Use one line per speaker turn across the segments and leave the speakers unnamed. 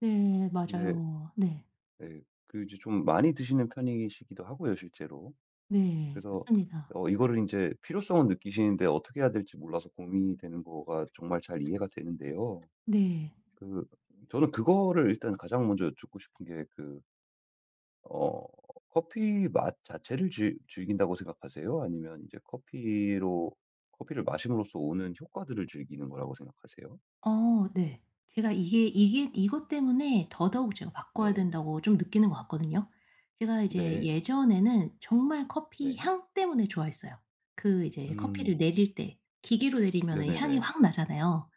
네
네.
맞아요. 네.
네 그리고 이제 좀 많이 드시는 편이시기도 하고요 실제로.
네
그래서
맞습니다.
어 이거를 인제 필요성을 느끼시는데 어떻게 해야 될지 몰라서 고민이 되는 거가 정말 잘 이해가 되는데요.
네.
그 저는 그거를 일단 가장 먼저 여쭙고 싶은 게 그 어 커피 맛 자체를 즐 즐긴다고 생각하세요? 아니면 인제 커피로 커피를 마심으로써 오는 효과들을 즐기는 거라고 생각하세요?
어 네. 제가 이게 이게 이것 때문에 더더욱 제가 바꿔야
네.
된다고 좀 느끼는 것 같거든요. 제가 이제
네.
예전에는 정말 커피
네.
향 때문에 좋아했어요. 그 이제 커피를
음.
내릴 때, 기계로 내리면은 향이
네네네.
확 나잖아요.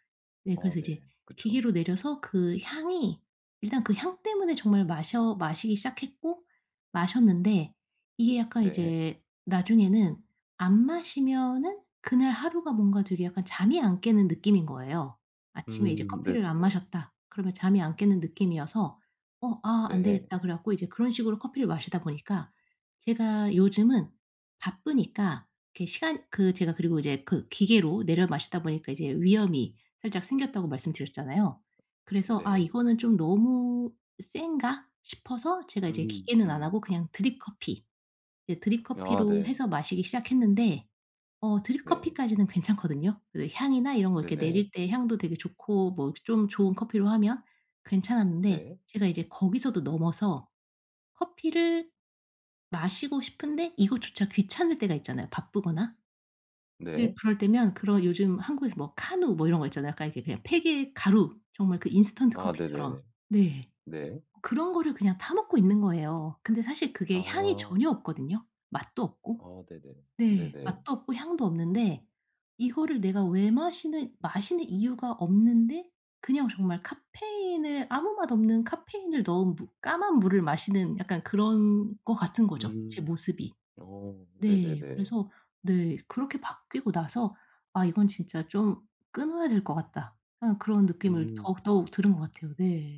네
아
그래서 이제
네. 그쵸.
기계로 내려서 그 향이 일단 그 향 때문에 정말 마셔 마시기 시작했고 마셨는데 이게 약간
네.
이제 나중에는 안 마시면은 그날 하루가 뭔가 되게 약간 잠이 안 깨는 느낌인 거예요. 아침에 이제
음
커피를 안
네네네.
마셨다. 그러면 잠이 안 깨는 느낌이어서 '어 아 안
네.
되겠다.' 그래 갖고 인제 그런 식으로 커피를 마시다 보니까 제가 요즘은 바쁘니까 그 시간 그 제가 그리고 이제 그 기계로 내려 마시다 보니까 이제 위염이 살짝 생겼다고 말씀드렸잖아요. 그래서 '아
네.
이거는 좀 너무 센가?' 싶어서 제가 이제
음
기계는 안
음.
하고 그냥 드립 커피, 이제 드립
아
커피로
네.
해서 마시기 시작했는데 어 드립
네.
커피까지는 괜찮거든요. 그 향이나 이런 거 이렇게 내릴
네네.
때 향도 되게 좋고 뭐 좀 좋은 커피로 하면 괜찮았는데
네.
제가 이제 거기서도 넘어서 커피를 마시고 싶은데 이것조차 귀찮을 때가 있잖아요. 바쁘거나 근데
네.
그럴 때면 그런 요즘 한국에서 뭐 카누 뭐 이런 거 있잖아요. 약간 이렇게 그냥 팩의 가루 정말 그 인스턴트
아
커피처럼.
네네네.
네
네.
그런 거를 그냥 타 먹고 있는 거예요. 근데 사실 그게 향이
아.
전혀 없거든요. 맛도 없고
아 네네
네
네네.
맛도 없고 향도 없는데 이거를 내가 왜 마시는 마시는 이유가 없는데 그냥 정말 카페인을 아무 맛없는 카페인을 넣은 무 까만 물을 마시는 약간 그런 것 같은 거죠 제
음
모습이.
어
네
네네네.
그래서 네 그렇게 바뀌고 나서 '아 이건 진짜 좀 끊어야 될 것 같다.' 약간 그런 느낌을
음.
더욱, 더욱 들은 것 같아요. 네.